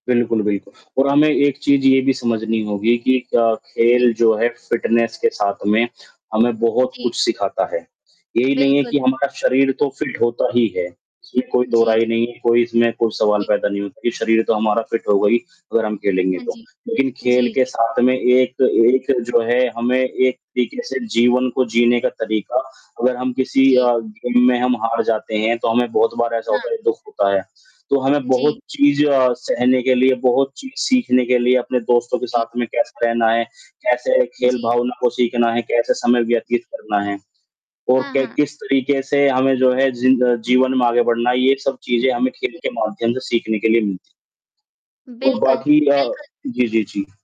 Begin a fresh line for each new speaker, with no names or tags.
बिल्कुल, बिल्कुल। और हमें एक चीज़ ये भी समझनी होगी कि क
जी।
खेल जो है, फिटनेस के साथ में हमें, बहुत
जी।
कुछ सिखाता है। यही नहीं है
बिल्कुल।
कि हमारा शरीर तो फिट होता ही है। इसमें कोई
जी, जी।
दोहराई नहीं है, कोई इसमें कोई सवाल
जी।
पैदा नहीं होता कि शरीर तो हमारा फिट होगा ही, अगर हम खेलेंगे
हाँ
तो।
जी,
लेकिन खेल
जी,
के
जी।
साथ में एक एक जो है हमें एक तरीके से जीवन को जीने का तरीका, अगर हम किसी
जी।
अ, गेम में हम हार जाते हैं, तो हमें बहुत बार ऐसा
हाँ।
होता है, दुःख होता है। तो हमें बहुत
जी।
चीज़ अ, सहने के लिए, बहुत चीज़ सीखने के लिए अपने दोस्तों के
जी।
साथ में कैसे रहना है, कैसे खेल
जी।
भावना को सीखना है, कैसे समय व्यतीत करना है, और
हाँ,
क
हाँ।
किस तरीके से हमें जो है, जी जीवन में आगे बढ़ना है, ये सब चीज़ें हमें खेल
जी।
के माध्यम से सीखने के लिए मिलती है और
बिल्कुल,
बाकी अ
बिल्कुल।
जी, जी, जी।